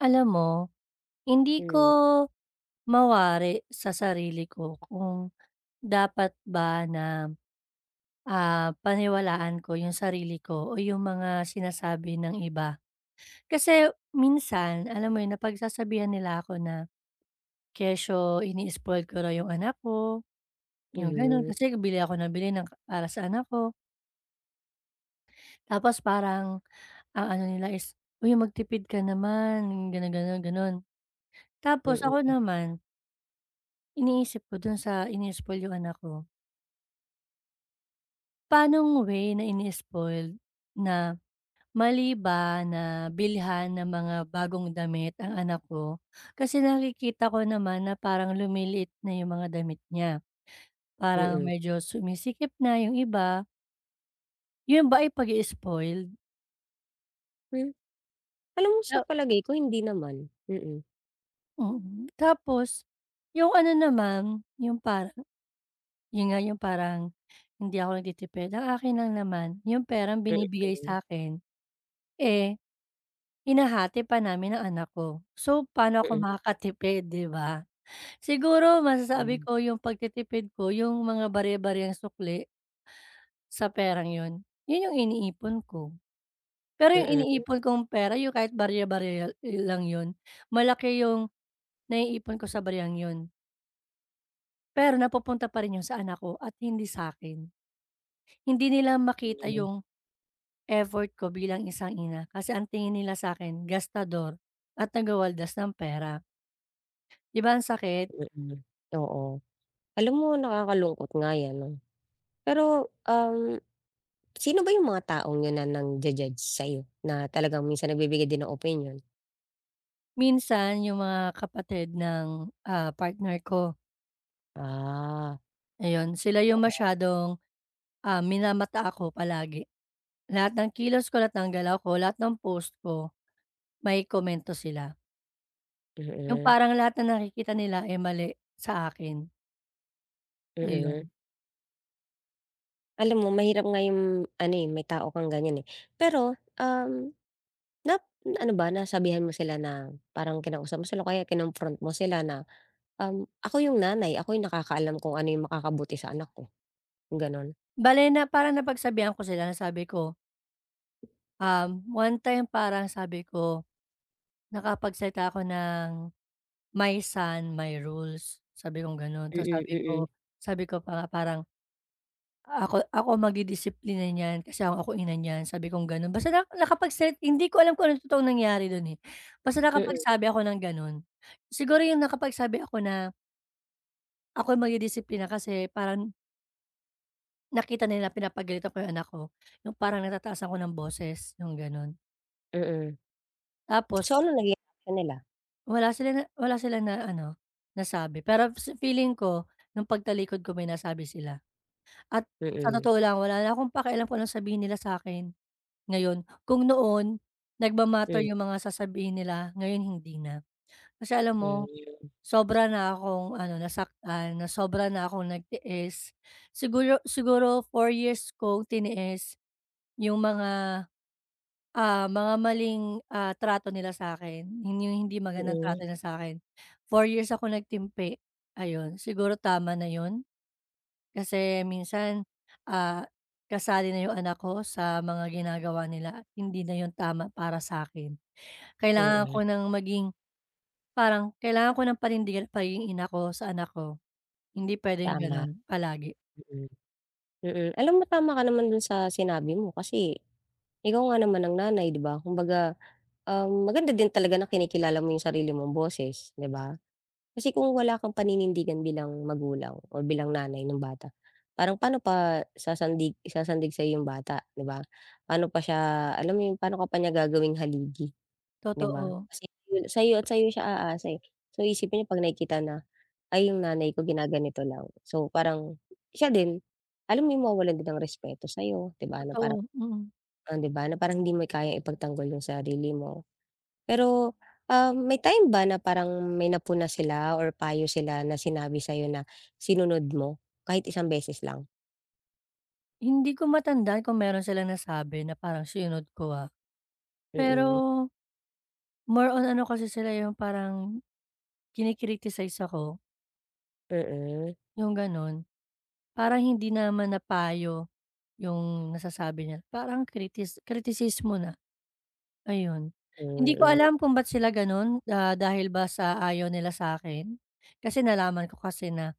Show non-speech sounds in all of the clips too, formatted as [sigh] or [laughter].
Alam mo, hindi ko Mm. mawari sa sarili ko kung dapat ba na, ah, paniwalaan ko yung sarili ko o yung mga sinasabi ng iba. Kasi minsan, alam mo yun, napagsasabihan nila ako na, kesyo ini-spoil ko raw yung anak ko, yung ganun, Mhm. kasi nga bili ako nang bili ng ka para sa anak ko. Tapos parang ang ano nila is, "Uy magtipid ka naman." yung ganun-ganun, ganon. Tapos ako Mm. naman iniisip ko dun sa ini-spoil ko yung anak ko paanong way na ini-spoiled, na mali ba, na bilihan ng mga bagong damit ang anak ko? Kasi nakikita ko naman na parang lumiliit na yung mga damit niya, parang Mm. medyo sumisikip na yung iba. Yun ba ay pag-i-spoiled? Hmm, alam mo, sa Ta palagay ko hindi naman, mm. Mm, tapos, yung ano naman, yung para yun nga yung parang, hindi ako nagtitipid. Ang akin lang naman, yung perang binibigay Mm. sakin, eh, hinahati pa namin ng anak ko, so paano ako Mm. makakatipid 'di ba? Siguro masasabi Hmm. ko yung pagtitipid ko yung mga barya-baryang sukli sa perang yon, yun yung iniipon ko. Pero yung Mm. iniipon kong pera yung kahit barya-barya i lang yon, malaki yung naiipon ko sa baryang yon. Pero napupunta pa rin yung sa anak ko at hindi sakin. Hindi nila makita Hmm. yung, effort ko bilang isang ina, kasi ang tingin nila sakin gastador, at taga-waldas ng pera. 'Di ba ang sakit? Mm, oo. Alam mo nakakalungkot nga yan 'no. Pero, um, sino ba yung mga taong yun na nang-ju-judge sayo, na talagang minsan nagbibigay din ng opinyon? Minsan yung mga kapatid ng, ah, partner ko. Ah. Ayon, sila yung Oo. masyadong, um, minamata ako palagi. Lahat ng kilos ko, lahat ng galaw ko, lahat ng post ko, may komento sila. Yung Mm. parang lahat ng nakikita nila, eh, mali sa akin. Mm. Ayun. Alam mo mahirap nga yung ano, eh, may tao kang ganiyan, eh. Pero, um, nap ano ba, nasabihan mo sila na parang kinausap mo sila o kaya kinonfront mo sila na, um, "Ako yung nanay, ako yung nakakaalam kung ano yung makakabuti sa anak ko" Gano'n? Bale na parang napagsabihan ko sila na sabi ko Um, one time parang sabi ko, nakapagsalita ako ng, "My son, my rules" sabi kong gano'n. Ta's Mm, sabi ko, mm. sabi ko pa nga parang, "Ako, ako magdidisiplina niyan, kasi ako ang ina niyan," sabi kong gano'n. Basta lang nakapagsa hindi ko alam kung anong totoong nangyari do'n, eh, basta Mm. nakapagsabi ako ng gano'n. Siguro yung nakapagsabi ako na ako magdidisiplina kasi parang Nakita nila pinapagalitan ko yung anak ko, nung parang natataasan ko ng boses, yung ganun. Mm. Tapos So, ano nangyari kanila? Wala sila ne wala silang na ano nasabi. Pero f sa feeling ko nong pagtalikod ko may nasabi sila. At sa Mm. totoo lang, wala na akong pakialam kung anong sabihin nila sa'kin ngayon. Kung noon nagma-matter Hmm. 'yong mga sasabihin nila, ngayon hindi na. Kasi alam mo Hmm. sobra na akong ano nasaktan na sobra na akong nagtiis. Siguro, siguro 4 years kong tiniis 'yong mga, ah, mga maling, ah, trato nila sa'kin. 'Yon 'yong hindi magandang Mm. trato niya sa'kin, 4 years ako nagtimpi. Ayon, siguro tama na yun. Kasi minsan, ah, kasali na yung anak ko sa mga ginagawa nila, at hindi na yung tama para sa'kin. Kailangan Mm. ko ng maging parang kailangan ko ng panindigan pagiging ina ko sa anak ko. Hindi pwedeng Tama, ganun palagi. mm. Mm, alam mo tama ka naman dun sa sinabi mo. Kasi ikaw nga naman ang nanay, 'di ba? Kumbaga, um, maganda din talaga na kinikilala mo 'yong sarili mong boses, 'di ba? Kasi kung wala kang paninindigan bilang magulang or bilang nanay nung bata, parang paano pa sasandig sasandig sa'yo 'yong bata, 'di ba? Paano pa siya, alam mo 'yong, paano ka pa niya gagawing haligi, 'di ba? Totoo. Kasi 'yon, sa'yo at sa'yo siya aasa, eh. So, isipin niya 'pag nakikita na, "Ay, 'yong nanay ko ginaganito lang." So, parang siya din. Alam mo yung mawawalan din ng respeto sa'yo, 'di ba, na parang Totoo, mm. on 'di ba, na parang hindi mo i kayang ipagtanggol yung sarili mo. Pero, um, may time ba na parang may napuna sila or payo sila na sinabi sa'yo na sinunod mo kahit isang beses lang. Hindi ko matandaan kung meron silang nasabi na parang sinunod ko, ah. Mm. Pero more on ano kasi sila, yung parang kini-criticize ako Mm. yung ganun. Parang hindi naman na payo yung nasasabi niya, parang kritis kritisismo na, ayun. Hindi ko Mm. alam kung ba't sila ganun. Ah, dahil ba sa ayaw nila sa'kin? Kasi nalaman ko kasi na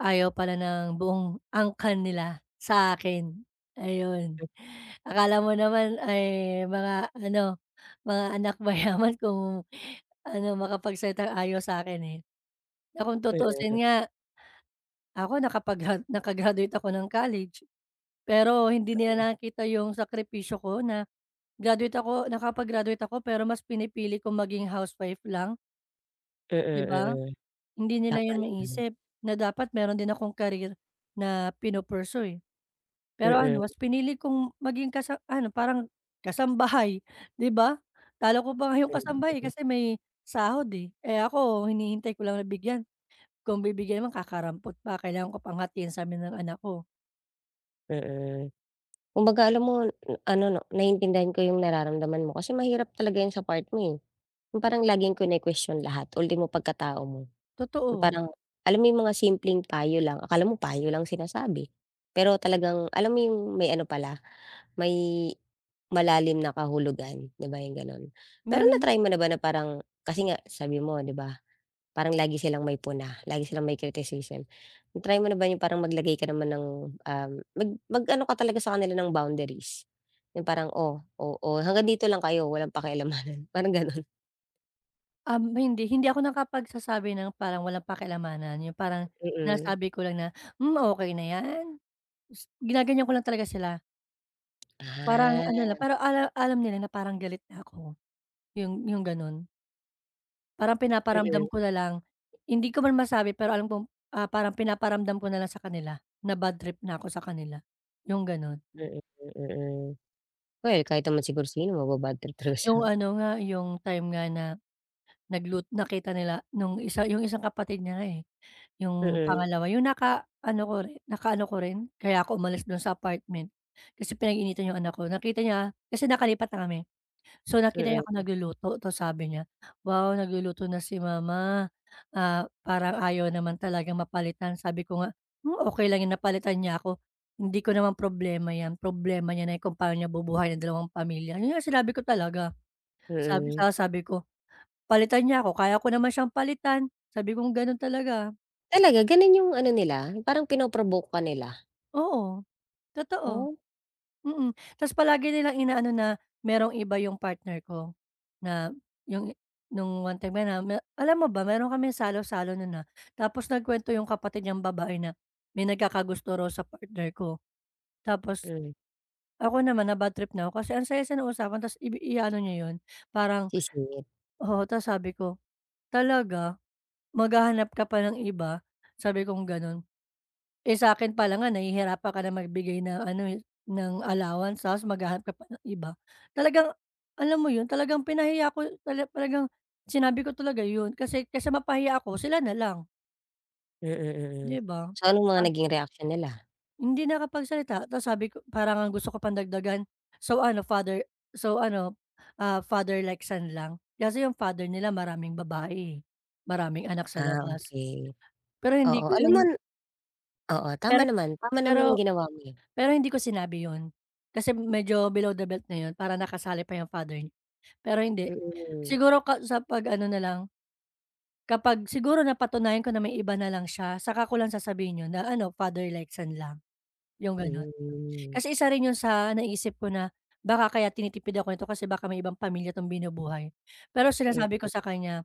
ayaw pala ng buong angkan nila sa akin, ayun. M Akala mo naman ay mga ano, mga anak mayaman kung ano, makapagsalitang ayaw sa'kin, eh. Na kung Mm. tutusin nga ako nakapag naka-graduate ako ng college. Pero hindi nila Mm. nakikita yung sakripisyo ko na graduate ako nakapag-graduate ako, pero mas pinipili kong maging housewife lang. Mm, Di ba? mm. Hindi nila Tama yun naman. maisip na dapat meron din akong career na pinu-pursue, eh. Pero Mm. ano, mas pinili kong maging kasa ano parang kasambahay, di ba? Talo ko pa nga yong kasambahay [unintelligible] kasi may sahod, eh. Eh, ako hinihintay ko lang na bigyan. Kung bibigyan naman kakarampot pa, kailangan ko pang hatiin sa'min ng anak ko. Mm. Kumbaga, alam mo m ano 'no, naiintindihan ko yung nararamdaman mo, kasi mahirap talaga yan sa part mo, eh, yung parang laging kinukwestyon lahat, ultimo pagkatao mo. Yung Totoo. parang, alam mo yung mga simpleng payo lang, akala mo payo lang sinasabi, pero talagang alam mo 'yong may ano pala, may malalim na kahulugan, 'di ba, yung gano'n? Pero Meron. na-try mo na ba na parang, kasi nga sabi mo nga 'di ba, parang lagi silang may puna, lagi silang may criticism, na-try mo na ba yung parang maglagay ka naman ng, um, mag mag-ano ka talaga sa kanila ng boundaries? Yung parang, "Oh oh oh, hanggang dito lang kayo, walang [scoffs] pakialamanan." parang ganun. Um, hindi hindi ako nakapagsasabi ng parang walang pakialamanan, yung parang Mm. nasabi ko lang na, "Hmm, okey na yan." gus ginaganyan ko lang talaga sila. Parang ano na, Ah. parang ala alam nila na parang galit na ako. Yung yung gano'n. Parang pinaparamdam Mm. ko na lang, hindi ko man masabi, pero alam kong, ah, parang pinaparamdam ko na lang sa kanila, na badtrip na ako sa kanila, yung gano'n. Mm, mm. Oh, eh, kahit naman siguro sino maba-badtrip talaga siya. Yung ano nga, yung time nga na naglut nakita nila nung isa, yung isang kapatid niya nga, eh, yung Mm. pangalawa, yung nakaano ko rin nakaano ko rin, kaya ako umalis do'n sa apartment kasi pinag-iinitan 'yong anak ko. Nakita niya kasi nakalipat na kami, so nakita niya ako Mm. nagluluto. Ta's sabi niya, "Wow, nagluluto na si Mama, ah, parang ayaw naman talagang mapalitan." Sabi ko nga, "Hmm, okey lang 'yon na palitan niya ako. Hindi ko naman problema 'yan, problema niya na yung kung paano niya bubuhayin yung dalawang pamilya." 'yon nga sinabi ko talaga. Sabi Mm. saka sabi ko, "Palitan niya ako, kaya ko naman siyang palitan." sabi kong gano'n talaga. Talaga, ganun yung ano nila, yung parang pino-provoke ka nila? Oo. Totoo. Oh. Mm. Ta's palagi nilang inaano na merong iba yung partner ko. Na yung nung one time na me alam mo ba, meron kaming salo-salo nun, ah. Tapos nagkuwento yung kapatid niyang babae na may nagkakagusto raw sa partner ko. Tapos Hmm. ako naman nabadtrip na 'ko kasi ang saya-saya ng usapan ta's ibi iaano niya yun. Parang Sisingit. oo, ta's sabi ko, "Talaga? Maghahanap ka pa ng iba?" sabi kong gano'n. "Eh, sa'kin palang nga nahihirapan ka na magbigay ng ano, eh, ng allowance, ta's maghahanap ka pa ng iba." Talagang alam mo yun, talagang pinahiya ko tala talagang sinabi ko talaga yun. Kasi kaysa mapahiya ako, sila na lang. Mm, mm. Di ba? So, anong mga Ah naging reaksyon nila? Hindi nakapagsalita. Ta's sabi ko parang ngang gusto ko pang dagdagan. So, ano, father so ano, ah, father like son lang? Kasi yung father nila maraming babae, eh. Maraming anak sa Ah, labas. okey. Pero hindi Oo, ko alam yun mon oo, tama Pero naman. Tama pero naman yung ginawa mo, eh. pero hindi ko sinabi yun kasi medyo below the belt na yun, parang nakasali pa yung father nya. Pero hindi. Mm. Siguro ka sa pag-ano na lang, kapag siguro napatunayan ko na may iba na lang siya, saka ko lang sasabihin yon na, "Ano, father like son lang?" 'yong gano'n. Mhm. Kasi isa rin 'yon sa naisip ko na baka kaya tinitipid ako nito kasi baka may ibang pamilya 'tong binubuhay. Pero sinasabi ko Mm. sa kanya,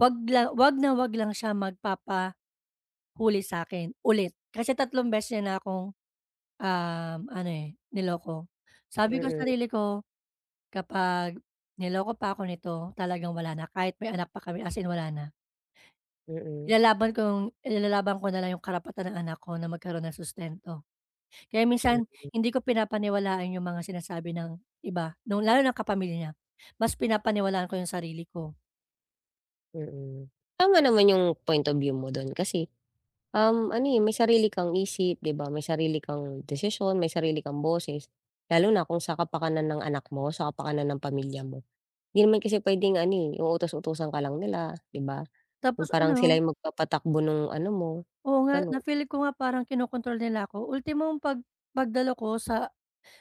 "Wag la huwag na huwag lang siya magpapahuli sa'kin, ulit." Kasi tatlong beses na niya kong, um, ano, eh, niloko. Sabi ko sa Mm. sarili ko, kapag niloko pa 'ko nito, talagang wala na, kahit may anak pa kami as in wala na. Mm. Ilalaban kong ilalaban ko na lang yung karapatan ng anak ko na magkaroon ng sustento. Kaya minsan, Mm. hindi ko pinapaniwalaan yung mga sinasabi ng iba nung lalo nung kapamilya niya. Mas pinapaniwalaan ko yung sarili ko. Mm. Tama naman yung point of view mo dun kasi, um, ano, eh, may sarili kang isip, 'di ba? May sarili kang desisyon, may sarili kang boses, lalo na kung sa kapakanan ng anak mo, sa kapakanan ng pamilya mo. 'Di naman kasi puwedeng ano, utos-utusan ka lang nila, 'di ba? Yung Tapos, uno parang sila'y hung magpapatakbo nung ano mo, Oo nga, ganon. na-feel ko nga parang kinokontrol nila ako, ultimong pag pagdalo ko sa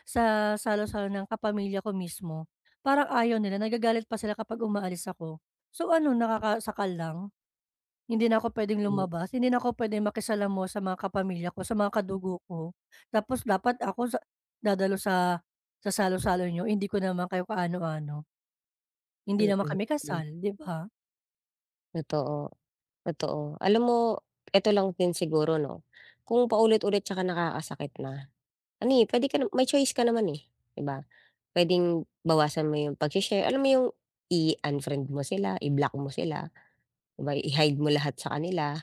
sa salo-salo ng kapamilya ko mismo, parang ayaw nila, nagagalit pa sila kapag umaalis ako. So ano, nakakasakal lang, hindi na ako puwedeng Hmm. lumabas, hindi na ako puwedeng makisalamuha mo sa mga kapamilya ko, sa mga kadugo ko, tapos dapat ako dadalo sa salo-salo niyo, hindi ko naman kayo kaano-ano. Hindi Mm, naman kami hmm. kasal, 'di ba? Totoo. Totoo. Alam mo eto lang din siguro 'no, kung paulit-ulit tsaka nakakasakit na, ano, eh, puwede ka na may choice ka naman, eh, 'di ba? Puwedeng bawasan mo yung pagshi-share, alam mo yung i-unfriend mo sila, i-block mo sila 'di ba, i-hide mo lahat sa kanila,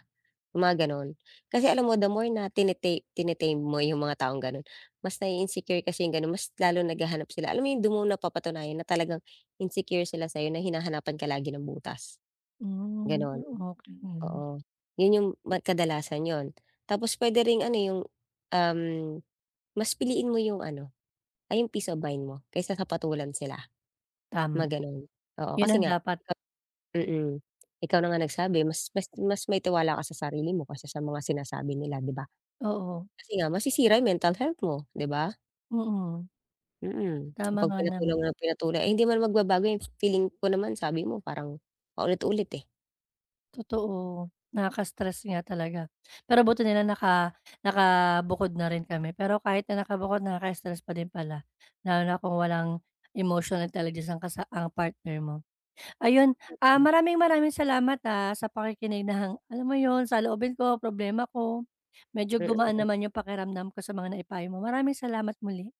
mga gano'n. Kasi alam mo, the more na tine tine-tame mo yung mga taong gano'n, mas nai-insecure kasi yung gano'n, mas lalong naghahanap sila. Alam mo yung, hindi mo napapatunayan na talagang insecure sila sa'yo, na hinahanapan ka lagi ng butas, Hm, gano'n, okey. oo. 'Yon yung ma kadalasan 'yon, tapos puwede ring ano yung, um, mas piliin mo yung ano, ah, yung peace of mind mo kaysa ka patulan sila, Tama, Mga gano'n oo. 'yon Kasi ang nga dapat. mm, ikaw na nga nagsabi, mas mas mas may tiwala ka sa sarili mo kaysa sa mga sinasabi nila, 'di ba? Oo. Kasi nga masisira mental health mo, 'di ba? Mm. Mm, [clicks tongue] Tama kapag nga pinatulan naman. mo ng pinatulan, eh, hindi naman magbabago yan. Feeling ko naman, sabi mo parang paulit-ulit, eh. Totoo, nakaka-stress nga talaga, pero buti nila naka nakabukod na rin kami. Pero kahit na nakabukod, naka-stress pa din pala, lalo na kung walang emotional intelligence ang kasa ang partner mo. Ayun, ah, Mm. maraming-maraming salamat, ah, sa pakikinig, na hang alam mo 'yon sa loobin ko, problema ko. Medyo gumaan Mm. naman yung pakiramdam ko sa mga naipayo mo. Maraming salamat muli.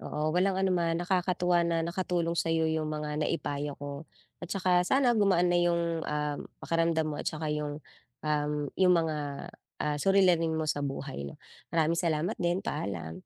Oo, walang ano naman. Nakakatuwa na nakatulong sa'yo yung mga naipayo ko, at saka sana gumaan na yung, ah, pakiramdam mo, at saka yung, um, yung mga, ah, suliranin mo sa buhay, 'no? Maraming salamat din, paalam.